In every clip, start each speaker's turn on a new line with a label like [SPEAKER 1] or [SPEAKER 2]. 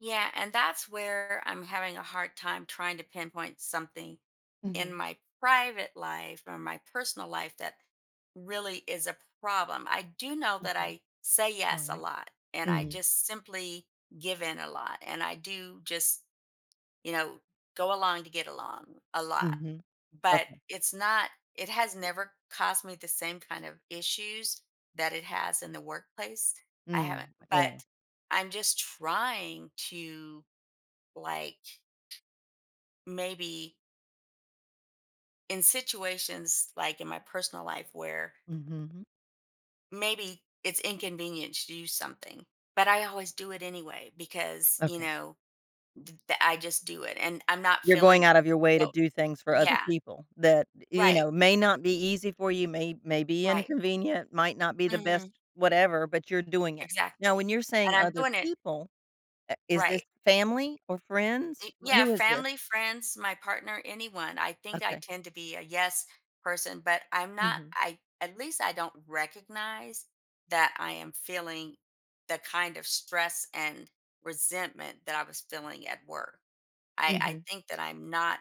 [SPEAKER 1] Yeah, and that's where I'm having a hard time trying to pinpoint something. In
[SPEAKER 2] Mhm.
[SPEAKER 1] my private life or my personal life, that really is a problem. I do know that
[SPEAKER 2] Okay.
[SPEAKER 1] I say yes a
[SPEAKER 2] Alright.
[SPEAKER 1] lot, and I
[SPEAKER 2] Mhm.
[SPEAKER 1] just simply give in a lot, and I do just, you know, go along to get along a lot,
[SPEAKER 2] Mhm.
[SPEAKER 1] but,
[SPEAKER 2] Okay.
[SPEAKER 1] it's not it has never caused me the same kind of issues that it has in the workplace. I
[SPEAKER 2] Mm,
[SPEAKER 1] haven't but
[SPEAKER 2] yeah.
[SPEAKER 1] I'm just trying to, like, maybe in situations like in my personal life where
[SPEAKER 2] Mhm.
[SPEAKER 1] maybe it's inconvenient to do something, but I always do it anyway because, you
[SPEAKER 2] Okay.
[SPEAKER 1] know, th the I just do it and I'm not
[SPEAKER 2] You're
[SPEAKER 1] feeling
[SPEAKER 2] going out of your way to
[SPEAKER 1] no
[SPEAKER 2] do things for other
[SPEAKER 1] Yeah.
[SPEAKER 2] people that, you
[SPEAKER 1] Right.
[SPEAKER 2] know, may not be easy for you, may may be
[SPEAKER 1] Right.
[SPEAKER 2] inconvenient, might not be the best
[SPEAKER 1] Mhm.
[SPEAKER 2] whatever, but you're doing it. Now, when
[SPEAKER 1] Exactly,
[SPEAKER 2] you're saying
[SPEAKER 1] and I'm
[SPEAKER 2] "other
[SPEAKER 1] doing it
[SPEAKER 2] people," i is this
[SPEAKER 1] Right.
[SPEAKER 2] family or
[SPEAKER 1] Eh
[SPEAKER 2] friends? W
[SPEAKER 1] yeah,
[SPEAKER 2] who is this?
[SPEAKER 1] family, friends, my partner, anyone; I think I
[SPEAKER 2] Okay.
[SPEAKER 1] tend to be a "yes" person, but I'm not
[SPEAKER 2] Mhm.
[SPEAKER 1] I at least I don't recognize that I am feeling the kind of stress and resentment that I was feeling at work. I I
[SPEAKER 2] Mhm.
[SPEAKER 1] think that I'm not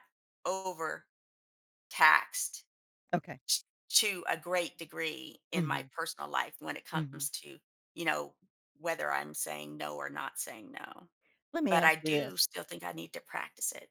[SPEAKER 1] overtaxed
[SPEAKER 2] Okay.
[SPEAKER 1] t to a great degree in my
[SPEAKER 2] Mhm.
[SPEAKER 1] personal life when it
[SPEAKER 2] Mhm.
[SPEAKER 1] comes to, you know, whether I'm saying no or not saying no,
[SPEAKER 2] Let me
[SPEAKER 1] but
[SPEAKER 2] ask
[SPEAKER 1] I
[SPEAKER 2] you
[SPEAKER 1] do
[SPEAKER 2] this
[SPEAKER 1] still think I need to practice it.